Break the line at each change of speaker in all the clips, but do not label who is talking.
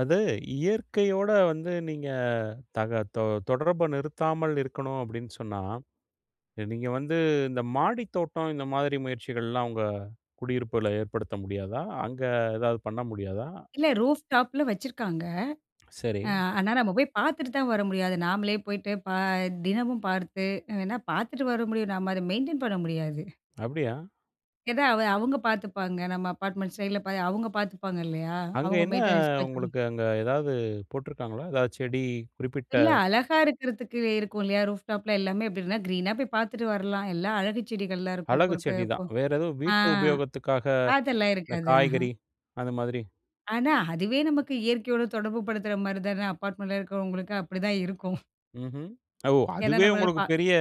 அது இயற்கையோட வந்து நீங்க தக தொ தொடர்ப நிறுத்தாமல் இருக்கணும். அப்படின்னு சொன்னா, நீங்க வந்து இந்த மாடி தோட்டம் இந்த மாதிரி முயற்சிகள்லாம் உங்க குடியிருப்பில ஏற்படுத்த முடியாதா? அங்க ஏதாவது பண்ண முடியாதா?
இல்ல ரூஃப் டாப்பில வச்சுருக்காங்க,
சரி.
ஆ ஆனா நம்ம போய் பார்த்துட்டு தான் வர முடியாது. நாமளே போய்ட்டு பா தினமும் பார்த்து, எ வேணா பார்த்துட்டு வர முடியும். நம்ம அத மெயின்டெயின் பண்ண முடியாது.
அப்டியா?
எதா அவ அவுங்க பாத்துப்பாங்க. நம்ம அப்பார்ட்மெண்ட் சைட்ல பா அவுங்க பாத்துப்பாங்க இல்லையா?
அங்க
அவங்க
என்னா
மெயின்டெனன்ஸ் பாத்துக்கும்.
உங்களுக்கு அங்க ஏதாவது போட்டிருக்காங்களா? எதா செடி குறிப்பிட்ட
இல்ல, அழகா இருக்கிறதுக்கு, இருக்கும் இல்லையா? ரூஃப் டாப்லா எல்லாமே எப்படின்னா கிரீனா போய் பாத்துட்டு வரலாம். எல்லா அழகுச் செடிகள்லாம் இருக்கும்.
அழகு
பொறுக்க
செடி
பொ
தான் வேற, ஏதும்
ஆ,
வீட்டு உபயோகத்துக்காக,
அதெல்லாம்
இந்த
இருக்காது. ஆஹன்.
காய்கறி அந்த மாதிரி?
ஆனா, அதுவே நமக்கு இயற்கையோட தொடர்பு படுத்துற மாரி தானே, அபார்ட்மெண்ட்டில இருக்கிறவங்களுக்கு அப்படிதான் இருக்கும்.
ம்ஹ்ம். ஓ!
ஏன்னா
அதுவே
நம்மளால
உங்களுக்கு
பா
பெரிய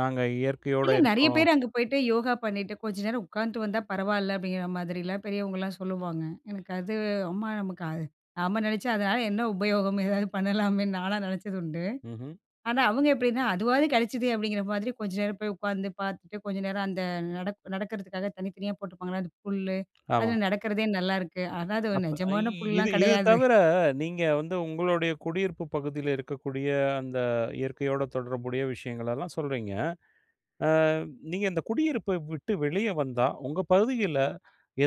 நாங்க இயற்கையோட
இல்ல, நெறையா
இருக்கோம்.
பேரு அங்க போயிட்டு யோகா பண்ணிட்டு, கொஞ்ச நேரம் உக்காந்துட்டு வந்தா பரவாயில்ல அப்படிங்கிற மாதிரிலாம், பெரியவங்கலாம் சொல்லுவாங்க. எனக்கு அது ஆமா நமக்கு அது நாம நெனைச்சா அதனால என்ன உபயோகம் ஏதாவது, பண்ணலாமேன்னு நான்லாம் நெனச்சதுண்டு.
ம்ஹ்ம்.
ஆனா, அவுங்க எப்படின்னா, "அதுவாது கெடச்சதே" அப்படிங்கிற மாதிரி கொஞ்சம் நேரம் போய் உக்காந்து, பாத்துட்டு, கொஞ்ச நேரம் அந்த நடப் நடக்கறதுக்காக தனித்தனியா போட்டுருப்பாங்கள அந்த புல்லு,
ஆமா.
அதில நடக்கிறதே நல்லாயிருக்கு. ஆனா, அது ஒரு
அப்ப அய்
நிஜமான
இது
புல்லெலாம்
இது
கெடையாது.
தவிர நீங்க வந்து உங்களுடைய குடியிருப்பு பகுதியில இருக்கக்கூடிய அந்த இயற்கையோட தொடர்புடைய விஷயங்களெல்லாம் சொல்றீங்க. ஆ நீங்க இந்த குடியிருப்ப விட்டு வெளியே வந்தா, உங்க பகுதிகள்ல,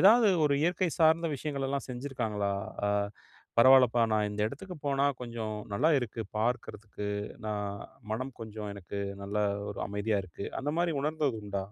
ஏதாவது ஒரு இயற்கை சார்ந்த விஷயங்கள்லாம் செஞ்சிருக்காங்களா? ஆ பரவால்லப்பா, நான் இந்த இடத்துக்கு போனா கொஞ்சம் நல்லா இருக்கு, பார்க்கறதுக்கு, நான் மனம் கொஞ்சம் எனக்கு நல்லா, ஒரு அமைதியா இருக்கு. அந்த மாரி உணர்ந்தது உண்டா?